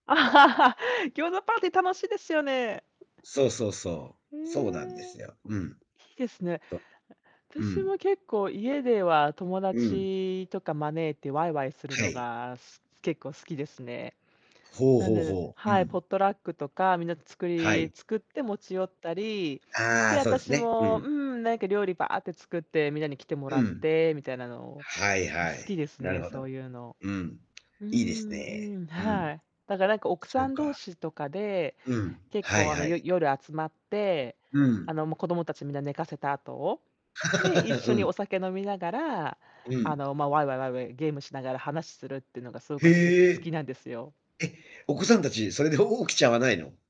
餃子パーティー楽しいですよね。そうそうそへう。そうなんでえ。すよ。うん。いいですね。あとう私ん。も結構家では、友うん。達とか招いてわいわいするはのい。が、す結構好きですね。ほうなんほう-で、ほう。うはい、ポッん。トラックとかみんなで作はりい。作って持ち寄ったり、あで、あ、そうです私ね。うも、ん。うん、なんか料理ばあって作ってみんなに来てもらうっん。てみたいなの、はいん好はきい。ですなるね、ほそど。ういうの。うん、ういいですんね。うん、うん。はい。だからなんか奥そさうん同か。士とかで、うん。結はい構あの、はよい。夜集まって、うん。あの、もう子供たちみんな寝かせた後。で、一 緒うにおん。酒飲みながら、うあん。の、ま、わいわいわいわいゲームしながら話するってのがすごくへ私はす好きえ。なんですよ。え、お子さんたちそれでおお起きちゃわないの？